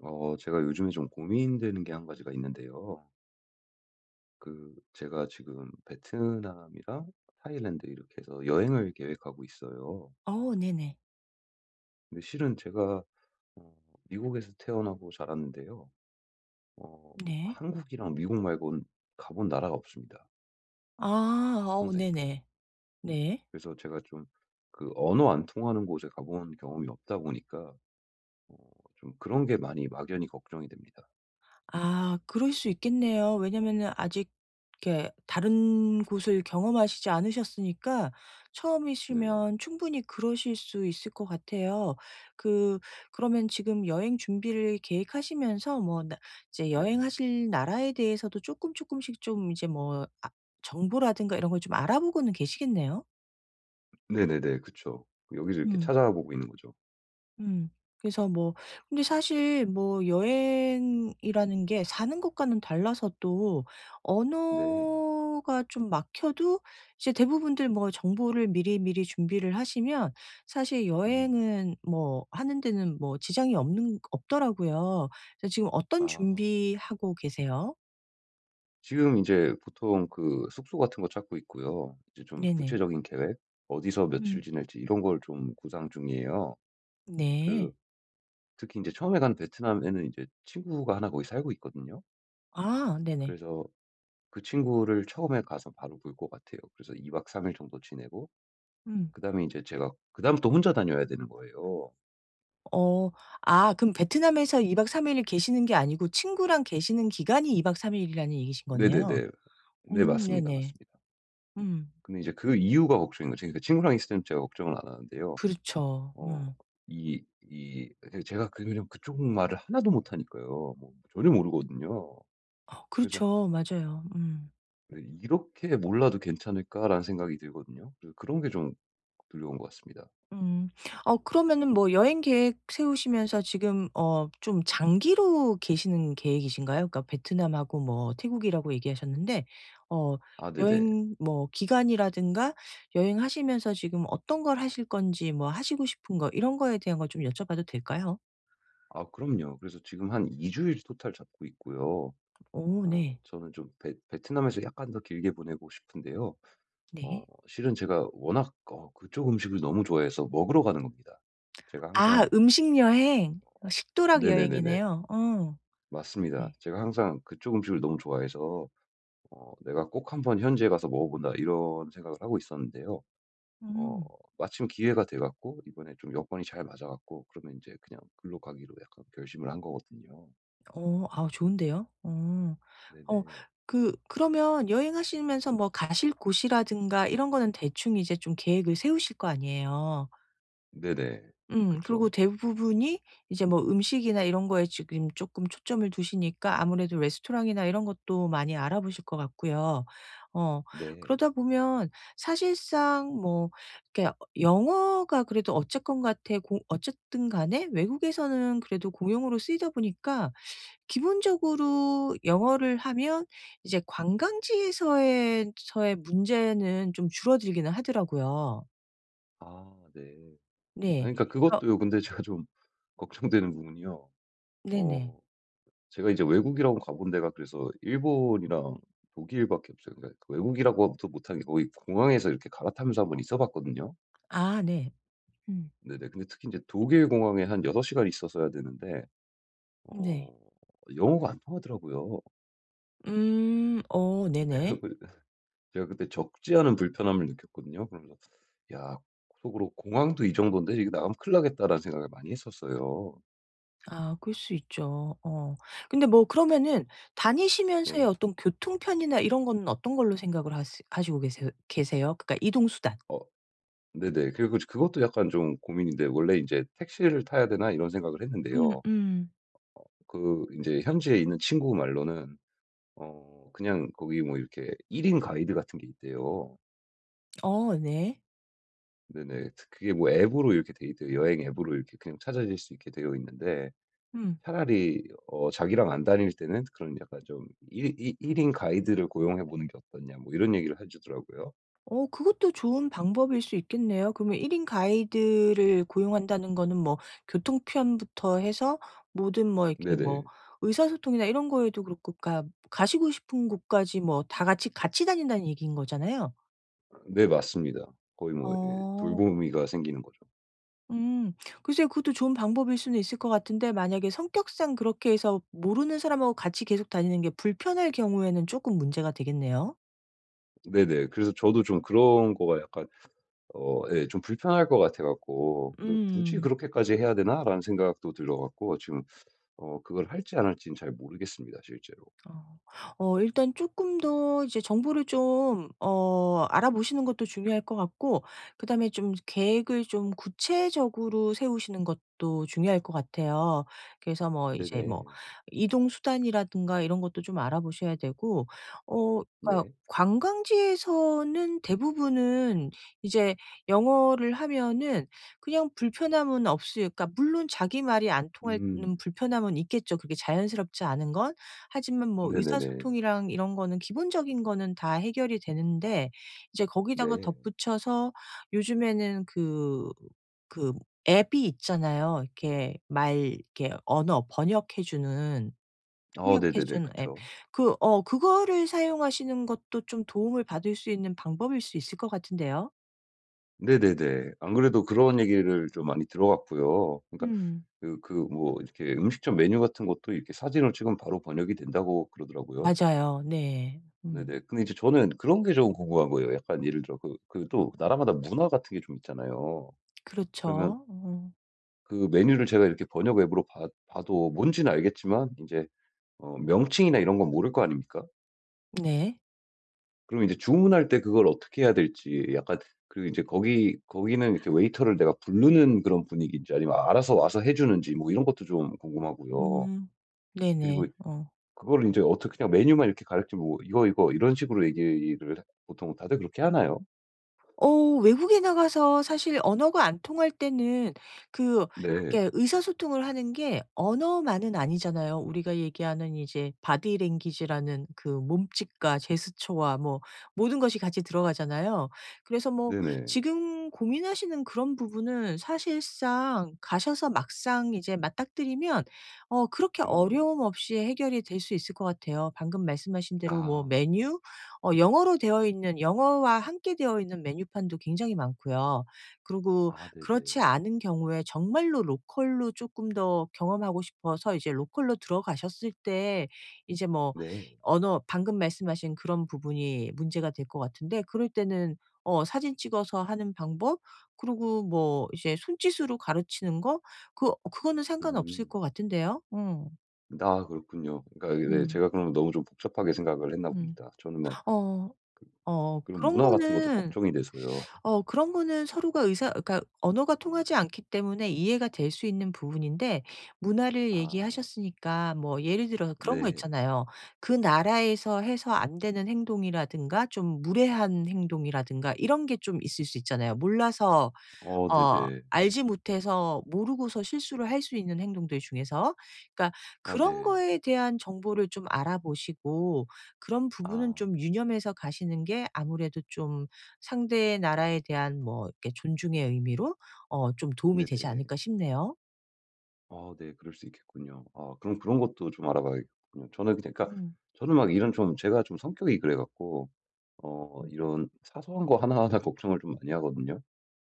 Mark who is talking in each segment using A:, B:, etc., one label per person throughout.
A: 어 제가 요즘에 좀 고민되는 게 1 가지가 있는데요. 그 제가 지금 베트남이랑 타일랜드 이렇게 해서 여행을 계획하고 있어요.
B: 어, 네네.
A: 근데 실은 제가 어 미국에서 태어나고 자랐는데요. 어
B: 네.
A: 한국이랑 미국 말고는 가 본 나라가 없습니다.
B: 아. 아우
A: 평생.
B: 네네. 네.
A: 그래서 제가 좀 그 언어 안 통하는 곳에 가 본 경험이 없다 보니까 좀 그런 게 많이 막연히 걱정이 됩니다.
B: 아 그럴 수 있겠네요. 왜냐면은 아직 이렇게 다른 곳을 경험하시지 않으셨으니까
A: 네.
B: 처음이시면 충분히 그러실 수 있을 것 같아요. 그, 그러면 지금 여행 준비를 계획하시면서 뭐 나 이제
A: 네.
B: 여행하실 나라에 대해서도 쪼끔쪼끔씩 좀 이제 뭐 아 정보라든가 이런 걸 좀 알아보고는 계시겠네요?
A: 네네네, 그쵸. 여기서 이렇게
B: 음.
A: 찾아보고 있는 거죠.
B: 음. 그래서 뭐 근데 사실 뭐 여행이라는 게 사는 것과는 달라서 또
A: 네.
B: 언어가 좀 막혀도 이제 대부분들 뭐 정보를 미리미리 준비를 하시면 사실
A: 음.
B: 여행은 뭐 하는 데는 뭐 지장이 없는 없더라고요. 저 지금 어떤
A: 아.
B: 준비하고 계세요?
A: 지금 인제 보통 그 숙소 같은 거 찾고 있고요. 이제 좀
B: 네네.
A: 구체적인 계획 어디서 며칠
B: 음.
A: 지낼지 이런 걸 좀 구상 중이에요. 그
B: 네.
A: 특히 인제 처음에 간 베트남에는 이제 친구가 하나 거기 살고 있거든요.
B: 아 네네.
A: 그래서 그 친구를 처음에 가서 바로 볼 것 같아요. 그래서 2 박 3 일 정도 지내고
B: 음.
A: 그다음에 인제 제가 그다음부터 혼자 다녀야 되는 거예요.
B: 어 아. 그럼 베트남에서 2 박 3 일을 계시는 게 아니고 친구랑 계시는 기간이 2 박 3 일이라는 얘기신 거네요.
A: 네네네. 네
B: 음
A: 맞습니다,
B: 네네.
A: 맞습니다.
B: 음.
A: 근데 이제 그 이후가 걱정인 거죠. 그니까 친구랑 있을 때는 제가 걱정을 안 하는데요.
B: 그렇죠.
A: 어
B: 음.
A: 이 이 그러니까 제가 그 그쪽 말을 하나도 못하니까요. 뭐 전혀 모르거든요.
B: 어
A: 그래서
B: 그렇죠. 맞아요. 음.
A: 네. '이렇게 몰라도 괜찮을까?'라는 생각이 들거든요. 그 그런 게 좀 두려운 것 같습니다.
B: 음. 어 그러면은 뭐 여행 계획 세우시면서 지금 어 좀 장기로 계시는 계획이신가요? 그니까 베트남하고 뭐 태국이라고 얘기하셨는데 어
A: 아 네네.
B: 여행 뭐 기간이라든가, 여행하시면서 지금 어떤 걸 하실 건지, 뭐 하시고 싶은 거 이런 거에 대한 걸 좀 여쭤봐도 될까요?
A: 아 그럼요. 그래서 지금 한 2 주일 토탈 잡고 있고요.
B: 오
A: 어
B: 네.
A: 저는 좀 베 베트남에서 약간 더 길게 보내고 싶은데요. 어
B: 네.
A: 실은 제가 워낙 어 그쪽 음식을 너무 좋아해서 먹으러 가는 겁니다. 제가
B: 아.
A: 항상
B: 음식 여행. 식도락
A: 네네네네.
B: 여행이네요. 어.
A: 맞습니다.
B: 네.
A: 제가 항상 그쪽 음식을 너무 좋아해서 어 '내가 꼭 한 번 현지에 가서 먹어 본다.' 이런 생각을 하고 있었는데요. 어
B: 음.
A: 마침 기회가 돼 갖고 이번에 좀 여건이 잘 맞아 갖고 그러면 인제 그냥 거기로 가기로 약간 결심을 한 거거든요.
B: 어 아오 좋은데요. 어. 어
A: 네네.
B: 그 그러면 여행하시면서 뭐 가실 곳이라든가 이런 거는 대충 이제 좀 계획을 세우실 거 아니에요.
A: 네네.
B: 음. 그러고
A: 그쵸.
B: 대부분이 이제 뭐 음식이나 이런 거에 지금 쪼끔 초점을 두시니까 아무래도 레스토랑이나 이런 것도 많이 알아보실 것 같고요. 어
A: 네.
B: 그러다 보면 사실상 뭐 이렇게 어 영어가 그래도 어쨌건 같애 고 어쨌든 간에 외국에서는 그래도 공용어로 쓰이다 보니까 기본적으로 영어를 하면 이제 관광지에서의 서의 문제는 좀 줄어들기는 하더라고요.
A: 아 네.
B: 네.
A: 아니, 그러니까
B: 거
A: 그것도요 근데 제가 좀 걱정되는 부분이요
B: 네네.
A: 어 제가 인제 외국이라곤 가 본 데가 그래서 일본이랑 독일밖에 없어요. 그러니까 외국이라고 하기도 못 하는 거의 공항에서 이렇게 갈아타면서 1 번 있어 봤거든요.
B: 아 네. 음.
A: 네네. 근데 특히 인제 독일 공항에 한 6 시간 있었어야 되는데
B: 네.
A: 어 영어가 안 통하더라고요.
B: 음. 오.
A: 그래
B: 네네.
A: 갖고 제가 그때 적지 않은 불편함을 느꼈거든요. 그러면서 야 속으로 '공항도 이 정돈데 이거 나가면 큰일 나겠다.'라는 생각을 많이 했었어요.
B: 아. 그럴 수 있죠. 어. 근데 뭐 그러면은 다니시면서의
A: 네.
B: 어떤 교통편이나 이런 거는 어떤 걸로 생각을 하시 시고 계세 계세요? 그니까 이동 수단.
A: 어. 네네. 그리고 이제 그것도 약간 좀 고민인데, 원래 이제 '택시를 타야 되나?' 이런 생각을
B: 음
A: 했는데요.
B: 음.
A: 그 인제 현지에 있는 친구 말로는 어 그냥 거기 뭐 이렇게 1 인 가이드 같은 게 있대요.
B: 어 네.
A: 네네. 그게 뭐 앱으로 이렇게 돼 있대요. 여행 앱으로 이렇게 그냥 찾아낼 수 있게 되어 있는데
B: 음.
A: 차라리 어 '자기랑 안 다닐 때는 그런 약간 좀 이 이 1 인 가이드를 고용해 보는 게 어떻냐.' 뭐 이런 얘기를 해 주더라고요.
B: 어 그것도 좋은 방법일 수 있겠네요. 그럼 1 인 가이드를 고용한다는 거는 뭐 교통편부터 해서 모든 뭐 이렇게 뭐
A: 네네.
B: 의사소통이나 이런 거에도 그렇고 그니까 가시고 싶은 곳까지 뭐 다 같이 같이 다닌다는 얘기인 거잖아요.
A: 네. 맞습니다. 거의 뭐 예,
B: 어.
A: 돌보미가 생기는 거죠.
B: 음. 글쎄요. 그것도 좋은 방법일 수는 있을 것 같은데 만약에 성격상 그렇게 해서 모르는 사람하고 같이 계속 다니는 게 불편할 경우에는 쪼끔 문제가 되겠네요.
A: 네네. 그래서 저도 좀 그런 거가 약간 어 예 좀 불편할 것 같아 갖고 그 '굳이
B: 음.
A: 그렇게까지 해야 되나?'라는 생각도 들어 갖고 지금 어 그걸 할지 안 할지는 잘 모르겠습니다, 실제로.
B: 어. 어 일단 쪼끔 더 이제 정보를 좀 어 알아 보시는 것도 중요할 것 같고 그다음에 좀 계획을 좀 구체적으로 세우시는 것도 중요할 것 같아요. 그래서 뭐 이제 뭐
A: 네네.
B: 이동 수단이라든가 이런 것도 좀 알아 보셔야 되고 어 그니까
A: 네.
B: 관광지에서는 대부분은 이제 영어를 하면은 그냥 불편함은 없을 그니까 물론 자기 말이 안 통하는
A: 음.
B: 불편함은 있겠죠, 그게 자연스럽지 않은 건. 하지만 뭐
A: 네네네.
B: 의사소통이랑 이런 거는 기본적인 거는 다 해결이 되는데 이제 거기다가
A: 네.
B: 덧붙여서 요즘에는 그 그 앱이 있잖아요. 이렇게 말 이렇게 언어 번역해 주는
A: 아
B: 통역해
A: 네네네.
B: 주는 앱.
A: 그쵸.
B: 그 어 그거를 사용하시는 것도 좀 도움을 받을 수 있는 방법일 수 있을 것 같은데요.
A: 네네네. 안 그래도 그런 얘기를 좀 많이 들어 갖고요. 그니까
B: 음.
A: 그 그 뭐 이렇게 음식점 메뉴 같은 것도 이렇게 사진을 찍으면 바로 번역이 된다고 그러더라고요.
B: 맞아요. 네. 음.
A: 네네. 근데 이제 저는 그런 게 좀 궁금한 거예요. 약간 예를 들어 그 그 또 나라마다 문화 같은 게 좀 있잖아요. 그러면
B: 그렇죠. 어.
A: 그 메뉴를 제가 이렇게 번역 앱으로 봐 봐도 뭔지는 알겠지만 인제 어 명칭이나 이런 건 모를 거 아닙니까?
B: 네.
A: 그럼 이제 주문할 때 그걸 어떻게 해야 될지 약간 그 그리고 인제 거기 거기는 이렇게 웨이터를 내가 불르는 그런 분위기인지 아니면 알아서 와서 해 주는지 뭐 이런 것도 좀 궁금하고요.
B: 음. 네 네.
A: 그리고
B: 어.
A: 그거를 인제 어떻게 그냥 메뉴만 이렇게 가리켜 보고 이거 이거 이런 식으로 얘기를 보통 다들 그렇게 하나요?
B: 어. 외국에 나가서 사실 언어가 안 통할 때는 그
A: 네.
B: 이렇게 의사소통을 하는 게 언어만은 아니잖아요. 우리가 얘기하는 이제 보디랭귀지라는 그 몸짓과 제스처와 뭐 모든 것이 같이 들어가잖아요. 그래서 뭐
A: 네네.
B: 지금 고민하시는 그런 부분은 사실상 가셔서 막상 이제 맞닥뜨리면 어 그렇게
A: 음.
B: 어려움 없이 해결이 될 수 있을 것 같아요. 방금 말씀하신 대로 뭐
A: 아.
B: 메뉴? 어 영어로 되어 있는, 영어와 함께 되어 있는 메뉴판도 굉장히 많고요. 그러고
A: 아 네
B: 그렇지
A: 네.
B: 않은 경우에 정말로 로컬로 조금 더 경험하고 싶어서 이제 로컬로 들어가셨을 때 이제 뭐
A: 네.
B: 언어, 방금 말씀하신 그런 부분이 문제가 될 것 같은데 그럴 때는 어 사진 찍어서 하는 방법, 그러고 뭐 이제 손짓으로 가르치는 거, 그 그거는 상관없을
A: 음.
B: 것 같은데요. 음.
A: 아 그렇군요. 그러니까 이게 네
B: 음.
A: 제가 그러면 너무 좀 복잡하게 생각을 했나
B: 음.
A: 봅니다. 저는 막
B: 어. 어
A: 그 그런
B: 그런
A: 문화 같은 것도
B: 거는
A: 걱정이 돼서요.
B: 어 그런 거는 서로가 의사 그러니까 언어가 통하지 않기 때문에 이해가 될 수 있는 부분인데 문화를
A: 아.
B: 얘기하셨으니까 뭐 예를 들어서 그런 거
A: 네.
B: 있잖아요. 그 나라에서 해서 안 되는 행동이라든가 좀 무례한 행동이라든가 이런 게 좀 있을 수 있잖아요 몰라서
A: 어
B: 어
A: 네네.
B: 알지 못해서 모르고서 실수를 할 수 있는 행동들 중에서. 그러니까
A: 아
B: '그런
A: 네.
B: 거에 대한 정보를 좀 알아보시고 그런 부분은
A: 아.
B: 좀 유념해서 가시는 게 아무래도 좀 상대의 나라에 대한 뭐 이렇게 존중의 의미로 어 좀 도움이 되지
A: 네네.
B: 않을까?' 싶네요.
A: 아 네. 그럴 수 있겠군요. 아 그럼 그런 것도 좀 알아봐야겠군요. 저는 그니까
B: 음.
A: 저는 막 이런 좀 제가 좀 성격이 그래 갖고 어
B: 음.
A: 이런 사소한 거 하나하나 걱정을 좀 많이 하거든요.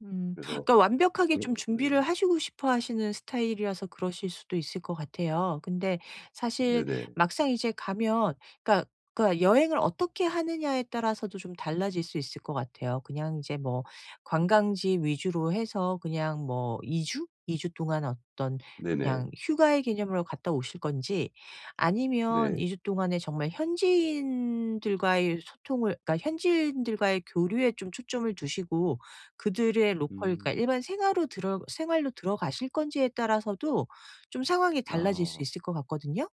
B: 음
A: 그래서
B: 그러니까 완벽하게
A: 그런
B: 좀
A: 것 같고
B: 준비를
A: 네네.
B: 하시고 싶어 하시는 스타일이라서 그러실 수도 있을 것 같아요. 근데 사실
A: 네네.
B: 막상 이제 가면 그러니까 그러니까 여행을 어떻게 하느냐에 따라서도 좀 달라질 수 있을 것 같아요. 그냥 이제 뭐 관광지 위주로 해서 그냥 뭐 2 주? 2 주 동안 어떤 그냥
A: 네네.
B: 휴가의 개념으로 갔다 오실 건지 아니면
A: 네.
B: 2 주 동안에 정말 현지인들과의 소통을 그러니까 현지인들과의 교류에 좀 초점을 두시고 그들의 로컬 그러니까
A: 음.
B: 일반 생화로 들어 생활로 들어가실 건지에 따라서도 좀 상황이 달라질 수
A: 아.
B: 있을 것 같거든요?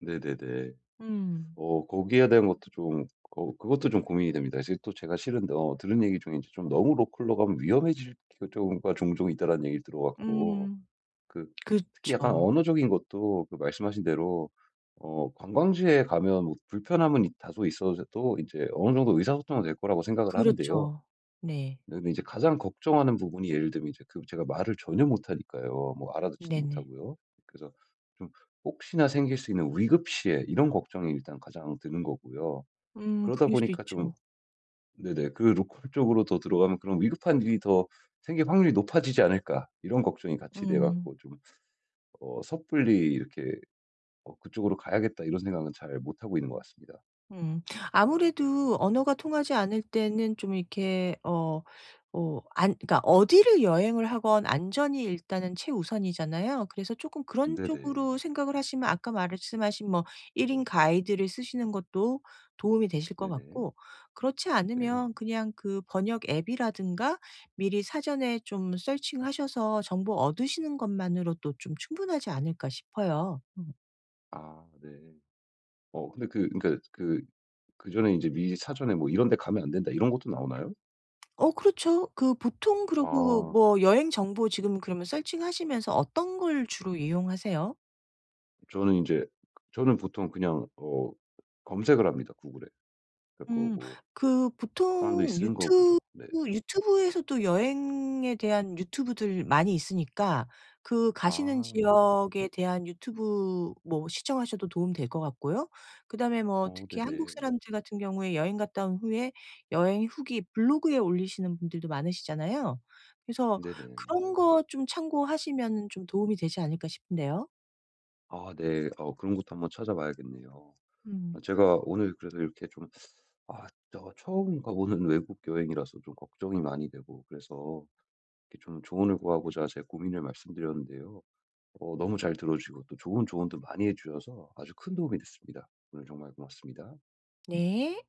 A: 네네네.
B: 음.
A: 어 거기에 대한 것도 좀 어 그것도 좀 고민이 됩니다. 이제 또 제가 실은 어 들은 얘기 중에 '좀 너무 로컬로 가면 위험해질 경우가 종종 있다.'라는 얘기를 들어 갖고.
B: 음.
A: 그 특히 약간
B: 그쵸.
A: 언어적인 것도 그 말씀 하신 대로 어 관광지에 가면 뭐 불편함은 있 다소 있어도 인제 어느 정도 의사소통은 될 거라고 생각을 하는데요.
B: 그렇죠. 네.
A: 네 근데 이제 가장 걱정하는 부분이 예를 들면 이제 그 제가 말을 전혀 못하니까요. 뭐 알아 듣지도
B: 네네.
A: 못하고요. 그래서 좀 혹시나 생길 수 있는 위급 시에 이런 걱정이 일단 가장 드는 거고요.
B: 음.
A: 그러다
B: 그럴 수도
A: 보니까 좀
B: 있죠.
A: 네네 그 '로컬 쪽으로 더 들어가면 그런 위급한 일이 더 생길 확률이 높아지지 않을까.' 이런 걱정이 같이 돼
B: 음.
A: 갖고 좀 어 섣불리 이렇게 '어, 그쪽으로 가야겠다.' 이런 생각은 잘 못하고 있는 것 같습니다.
B: 음. 아무래도 언어가 통하지 않을 때는 좀 이렇게 어 뭐 안 그니까 어디를 여행을 하건 안전이 일단은 최우선이잖아요? 그래서 조금 그런 쪽으로
A: 네네.
B: 생각을 하시면 아까 말씀하신 뭐 1 인 가이드를 쓰시는 것도 도움이 되실 것
A: 네네.
B: 같고 그렇지
A: 네.
B: 않으면 그냥 그 '번역 앱이라든가 미리 사전에 좀 서칭 하셔서 정보 얻으시는 것만으로도 좀 충분하지 않을까.' 싶어요. 음.
A: 아, 네. 어, 근데 그 그러니까 그 그전에 인제 미리 사전에 뭐 '이런 데 가면 안 된다.' 이런 것도 나오나요?
B: 어, 그렇죠. 그 보통 그러고
A: 아.
B: 뭐 여행 정보 지금 그러면 서칭하시면서 어떤 걸 주로 이용하세요?
A: 저는 인제 저는 보통 그냥 어, 검색을 합니다, 구글에. 그래 갖고
B: 음,
A: 뭐
B: 그
A: 사람들이
B: 보통
A: 쓰는 거
B: 유튜브
A: 보죠. 네.
B: 유튜브에서도 여행에 대한 유튜브들 많이 있으니까 그 가시는
A: 아.
B: 지역에 대한 유튜브 뭐 시청하셔도 도움 될 것 같고요. 그다음에 뭐
A: 어, 네
B: 특히 한국
A: 네.
B: 사람들 같은 경우에 여행 갔다 온 후에 여행 후기 블로그에 올리시는 분들도 많으시잖아요. 그래서
A: 네네.
B: 그런 거 좀 참고하시면은 좀 도움이 되지 않을까 싶네요.
A: 아, 네. 어, 그런 것도 한번 찾아봐야겠네요. 어,
B: 음.
A: 제가 오늘 그래도 이렇게 좀 아, 저 처음 가보는 외국 여행이라서 좀 걱정이 많이 되고, 그래서 이렇게 좀 조언을 구하고자 제 고민을 말씀드렸는데요. 어, 너무 잘 들어 주시고 또 좋은 조언도 많이 해 주셔서 아주 큰 도움이 됐습니다. 오늘 정말 고맙습니다.
B: 네.